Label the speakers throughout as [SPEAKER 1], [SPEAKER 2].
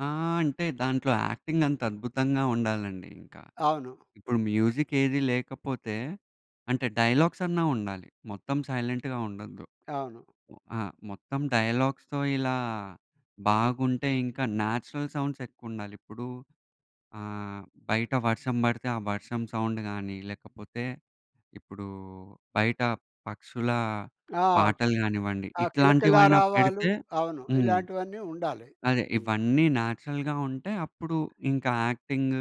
[SPEAKER 1] ఆ! అంటే దాంట్లో యాక్టింగ్ అంతద్భుతంగా ఉండాలండి ఇంకా.
[SPEAKER 2] అవును.
[SPEAKER 1] ఇప్పుడు మ్యూజిక్ ఏది లేకపోతే అంటే డైలాగ్స్ అన్నా ఉండాలి. మొత్తం సైలెంట్‌గా ఉండొద్దు.
[SPEAKER 2] అవును.
[SPEAKER 1] ఒ ఆ! మొత్తం డైలాగ్స్‌తో ఇలా బాగుంటే ఇంకా న్యాచురల్ సౌండ్స్ ఎక్కువుండాలి. ఇప్పుడు ఆహ్, బయట వర్షం బడితే ఆ వర్షం సౌండ్ గాని లేకపోతే ఇప్పుడు బయట పక్షుల
[SPEAKER 2] ఆ!
[SPEAKER 1] పాటలు గానివ్వండి
[SPEAKER 2] ఆ! కిలకిలా
[SPEAKER 1] ఇట్లాంటివైనా
[SPEAKER 2] రావాలు.
[SPEAKER 1] పెడితే
[SPEAKER 2] అవును.
[SPEAKER 1] హ్మ్.
[SPEAKER 2] ఇలాంటివన్నీ ఉండాలి.
[SPEAKER 1] అదే
[SPEAKER 2] హ్మ్.
[SPEAKER 1] ఇవన్నీ న్యాచురల్‌గా ఉంటే అప్పుడు ఇంకా యాక్టింగ్,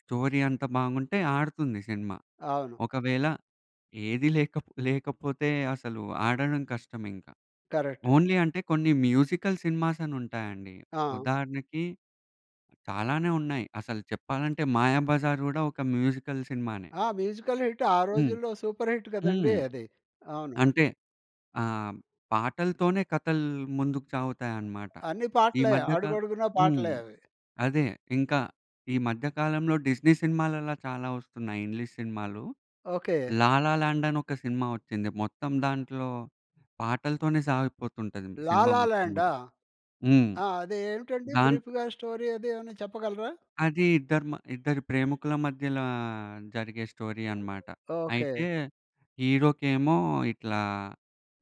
[SPEAKER 1] స్టోరీ అంత బాగుంటే ఆడుతుంది సినిమా.
[SPEAKER 2] అవును.
[SPEAKER 1] ఒకవేళ ఏదీ లేక లేకపోతే అసలు ఆడడం కష్టం ఇంకా.
[SPEAKER 2] కరెక్ట్.
[SPEAKER 1] ఓన్లీ అంటే కొన్ని మ్యూజికల్ సినిమాస్ అని ఉంటాయండి
[SPEAKER 2] ఆ!
[SPEAKER 1] ఉదాహరణకి, చాలానే ఉన్నాయి అసలు చెప్పాలంటే మాయాబజార్ గూడా ఒక మ్యూజికల్ సినిమానే.
[SPEAKER 2] ఆ! మ్యూజికల్ హిట్ ఆ
[SPEAKER 1] హ్మ్.
[SPEAKER 2] రోజుల్లో సూపర్ హిట్ కదండీ
[SPEAKER 1] హ్మ్.
[SPEAKER 2] అది. అవును.
[SPEAKER 1] అంటే ఆహ్, పాటలతోనే కథలు ముందుకు సాగుతాయన్నమాట.
[SPEAKER 2] అన్ని
[SPEAKER 1] ఈ
[SPEAKER 2] పాటలే
[SPEAKER 1] మధ్య కా
[SPEAKER 2] అడుగడుగునా
[SPEAKER 1] హ్మ్.
[SPEAKER 2] పాటలే అవి.
[SPEAKER 1] అదే ఇంకా ఈ మధ్య కాలంలో డిస్నీ సినిమాలలా చాలా ఒస్తున్నాయి ఇంగ్లీష్ సినిమాలు.
[SPEAKER 2] ఓకే.
[SPEAKER 1] 'లాల లాండ్' అని ఒక సినిమా ఒచ్చింది. మొత్తం దాంట్లో పాటలతోనే సాగిపోతుంటది
[SPEAKER 2] లాల
[SPEAKER 1] సినిమా మొత్తం గూడ.
[SPEAKER 2] లాండా?
[SPEAKER 1] హ్మ్.
[SPEAKER 2] ఆ! అదే ఏంటండి
[SPEAKER 1] దాన్
[SPEAKER 2] బ్రీఫ్‌గా స్టోరీ అది ఏమైనా చెప్పగలరా?
[SPEAKER 1] అది ఇద్దరు మ ఇద్దరు ప్రేమికుల మధ్యల జరిగే స్టోరీ అన్నమాట.
[SPEAKER 2] ఓకే.
[SPEAKER 1] అయితే హీరోకేమో ఇట్లా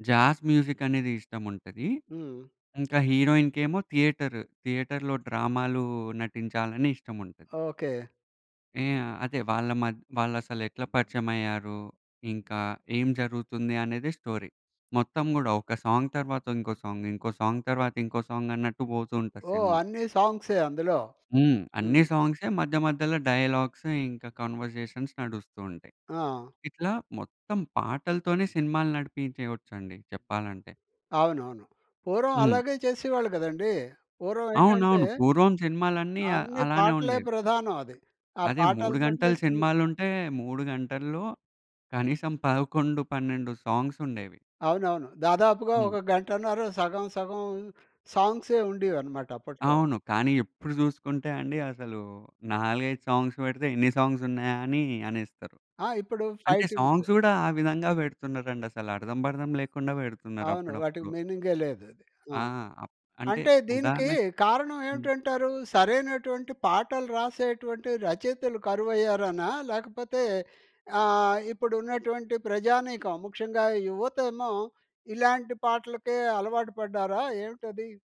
[SPEAKER 1] జాజ్ మ్యూజిక్ అనేది ఇష్టం ఉంటది.
[SPEAKER 2] హ్మ్.
[SPEAKER 1] ఇంకా హీరోయిన్‌కేమో థియేటర్, థియేటర్‌లో డ్రామాలు నటించాలని ఇష్టం ఉంటది.
[SPEAKER 2] ఓకే.
[SPEAKER 1] ఇయ అదే వాళ్ళ మధ్ వాళ్ళు అసలెట్లా పరిచయమయ్యారు? ఇంకా ఏం జరుగుతుంది అనేదే స్టోరీ. మొత్తం గూడా ఒక సాంగ్ తరువాత ఇంకో సాంగ్, ఇంకో సాంగ్ తరువాత ఇంకో సాంగ్ అన్నట్టు పోతూ ఉంటది
[SPEAKER 2] ఓహ్!
[SPEAKER 1] సినిమా.
[SPEAKER 2] అన్ని సాంగ్సే అందులో.
[SPEAKER 1] హ్మ్. అన్ని
[SPEAKER 2] హ్మ్.
[SPEAKER 1] సాంగ్సే మధ్య మధ్యల డైలాగ్స్, ఇంకా కన్వర్జేషన్స్ నడుస్తూ ఉంటాయి.
[SPEAKER 2] ఆ!
[SPEAKER 1] ఇట్లా మొత్తం పాటలతోనే సినిమాలు నడిపించేయచ్చండి చెప్పాలంటే.
[SPEAKER 2] అవునవును. పూర్వం
[SPEAKER 1] హ్మ్.
[SPEAKER 2] అలాగే చేసేవాళ్ళు గదండీ. పూర్వం ఏంటంటే.
[SPEAKER 1] అవునవును. పూర్వం సినిమాలన్నీ అ
[SPEAKER 2] అన్ని
[SPEAKER 1] అలానే
[SPEAKER 2] పాటలే
[SPEAKER 1] ఉండేవి.
[SPEAKER 2] ప్రధానం అది. ఆ
[SPEAKER 1] అదే 3
[SPEAKER 2] పాటలతోటే
[SPEAKER 1] గంటలు
[SPEAKER 2] సినిమా
[SPEAKER 1] సినిమాలుంటే 3 గంటల్లో కనీసం 11, 12 సాంగ్స్ ఉండేవి.
[SPEAKER 2] అవునవును. దాదాపుగా
[SPEAKER 1] హ్మ్.
[SPEAKER 2] ఒక 1:30 సగం సగం సాంగ్సే ఉండేవనమాట అప్పట్లో.
[SPEAKER 1] అవును. కానీ ఇప్పుడు జూసుకుంటే అండి అసలు 4, 5 సాంగ్స్ పెడితే "ఎన్ని సాంగ్స్ ఉన్నాయా!" అని అనేస్తారు.
[SPEAKER 2] ఆ! ఇప్పుడు
[SPEAKER 1] అంటే
[SPEAKER 2] ఫైటింగ్స్.
[SPEAKER 1] సాంగ్స్ గూడా ఆ విధంగా పెడుతున్నారండి అసలర్థం, పర్థం లేకుండా పెడుతున్నారు
[SPEAKER 2] అవును. వాటికి
[SPEAKER 1] అప్పుడప్పుడు.
[SPEAKER 2] మీనింగే లేదది. ఆ!
[SPEAKER 1] ఆ! అప్ అంటే
[SPEAKER 2] అంటే దీనికి
[SPEAKER 1] ఉదాహరణకి
[SPEAKER 2] కారణం
[SPEAKER 1] హ్మ్.
[SPEAKER 2] ఏమిటంటారు? సరైనటువంటి పాటలు రాసేటువంటి రచయితలు కరువయ్యారనా? లేకపోతే ఆహ్, ఇప్పుడున్నటువంటి ప్రజానీకం ముఖ్యంగా యువతేమో ఇలాంటి పాటలకే అలవాటు పడ్డారా ఏమిటది?